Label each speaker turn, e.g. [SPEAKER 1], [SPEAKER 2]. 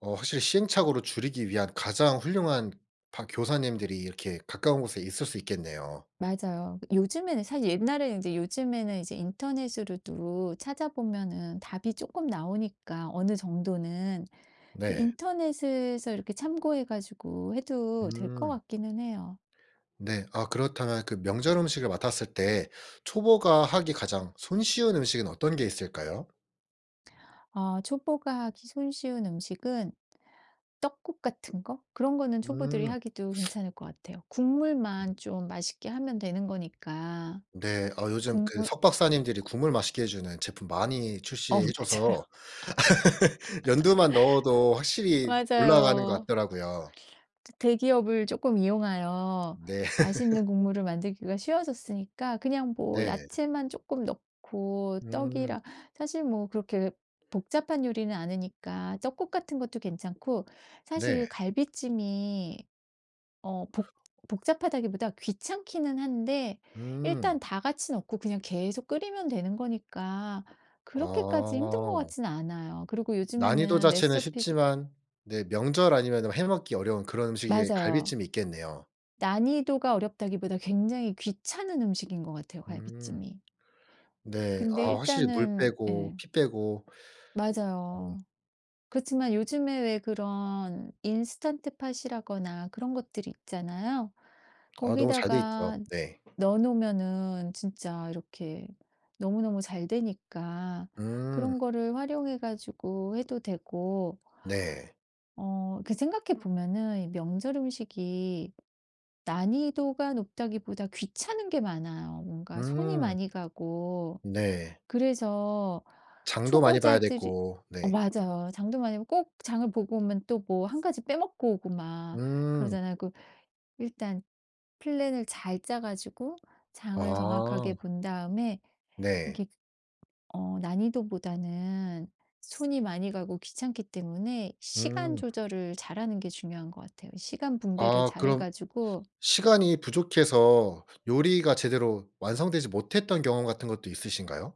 [SPEAKER 1] 어 확실히 시행착오를 줄이기 위한 가장 훌륭한 박 교사님들이 이렇게 가까운 곳에 있을 수 있겠네요.
[SPEAKER 2] 맞아요. 그 요즘에는 사실 옛날에는 이제 요즘에는 이제 인터넷으로도 찾아보면은 답이 쪼끔 나오니까, 어느 정도는. 그
[SPEAKER 1] 네.
[SPEAKER 2] 인터넷에서 이렇게 참고해 가지고 해도 될 것
[SPEAKER 1] 음.
[SPEAKER 2] 같기는 해요.
[SPEAKER 1] 네. 아 그렇다면 그 명절 음식을 맡았을 때 초보가 하기 가장 손쉬운 음식은 어떤 게 있을까요?
[SPEAKER 2] 어 초보가 하기 손쉬운 음식은 떡국 같은 거? 그런 거는 초보들이
[SPEAKER 1] 음.
[SPEAKER 2] 하기도 괜찮을 것 같아요. 국물만
[SPEAKER 1] 음.
[SPEAKER 2] 좀 맛있게 하면 되는 거니까.
[SPEAKER 1] 네. 어 요즘 그
[SPEAKER 2] 국물
[SPEAKER 1] 석박사님들이 국물 맛있게 해주는 제품 많이
[SPEAKER 2] 어
[SPEAKER 1] 출시해
[SPEAKER 2] 맞아요.
[SPEAKER 1] 줘서 연두만 넣어도 확실히 올라가는 것
[SPEAKER 2] 맞아요.
[SPEAKER 1] 같더라고요.
[SPEAKER 2] 저 대기업을 조금 이용하여
[SPEAKER 1] 네.
[SPEAKER 2] 맛있는 국물을 만들기가 쉬워졌으니까 그냥 뭐
[SPEAKER 1] 네.
[SPEAKER 2] 야채만 조금 넣고
[SPEAKER 1] 음.
[SPEAKER 2] 떡이랑 사실 뭐 그렇게 복잡한 요리는 아니니까 떡국 같은 것도 괜찮고
[SPEAKER 1] 네.
[SPEAKER 2] 사실 갈비찜이 어 복 복잡하다기보다 귀찮기는 한데
[SPEAKER 1] 음.
[SPEAKER 2] 일단 다 같이 넣고 그냥 계속 끓이면 되는 거니까 그렇게까지 힘든 것
[SPEAKER 1] 아.
[SPEAKER 2] 같지는 않아요. 그리고
[SPEAKER 1] 난이도
[SPEAKER 2] 요즘에는
[SPEAKER 1] 자체는
[SPEAKER 2] 레시피도
[SPEAKER 1] 쉽지만 네 명절 아니면은 해 먹기 어려운 그런 음식에
[SPEAKER 2] 맞아요.
[SPEAKER 1] 갈비찜이 있겠네요.
[SPEAKER 2] 난이도가 어렵다기보다 굉장히 귀찮은 음식인 것 같아요,
[SPEAKER 1] 음.
[SPEAKER 2] 갈비찜이.
[SPEAKER 1] 네.
[SPEAKER 2] 근데
[SPEAKER 1] 아 확실히 물
[SPEAKER 2] 일단은
[SPEAKER 1] 빼고
[SPEAKER 2] 예.
[SPEAKER 1] 피 빼고. 어.
[SPEAKER 2] 맞아요. 그렇지만 요즘에 왜 그런 인스턴트팟이라거나 그런 것들이 있잖아요.
[SPEAKER 1] 아 너무 잘 돼 있죠.
[SPEAKER 2] 거기다가
[SPEAKER 1] 네.
[SPEAKER 2] 넣어 놓으면은 진짜 이렇게 너무너무 잘 되니까
[SPEAKER 1] 음.
[SPEAKER 2] 그런 거를 활용해 가지고 해도 되고
[SPEAKER 1] 네.
[SPEAKER 2] 어 그 생각해 보면은 명절 음식이 난이도가 높다기보다 귀찮은 게 많아요. 뭔가 손이
[SPEAKER 1] 음.
[SPEAKER 2] 많이 가고.
[SPEAKER 1] 네.
[SPEAKER 2] 그래서
[SPEAKER 1] 장도 많이 봐야
[SPEAKER 2] 초보자들이
[SPEAKER 1] 됐고.
[SPEAKER 2] 어
[SPEAKER 1] 네.
[SPEAKER 2] 맞아요. 장도 많이 보고 꼭 장을 보고 오면 또 뭐 1 가지 빼먹고 오고 막
[SPEAKER 1] 음.
[SPEAKER 2] 그러잖아요. 그 일단 플랜을 잘 짜 가지고 장을
[SPEAKER 1] 아.
[SPEAKER 2] 정확하게 본 다음에
[SPEAKER 1] 네.
[SPEAKER 2] 이렇게 어 난이도보다는 손이 많이 가고 귀찮기 때문에 시간
[SPEAKER 1] 음.
[SPEAKER 2] 조절을 잘하는 게 중요한 것 같아요. 시간 분배를
[SPEAKER 1] 아
[SPEAKER 2] 잘 해
[SPEAKER 1] 그럼
[SPEAKER 2] 가지고
[SPEAKER 1] 시간이 부족해서 요리가 제대로 완성되지 못했던 경험 같은 것도 있으신가요?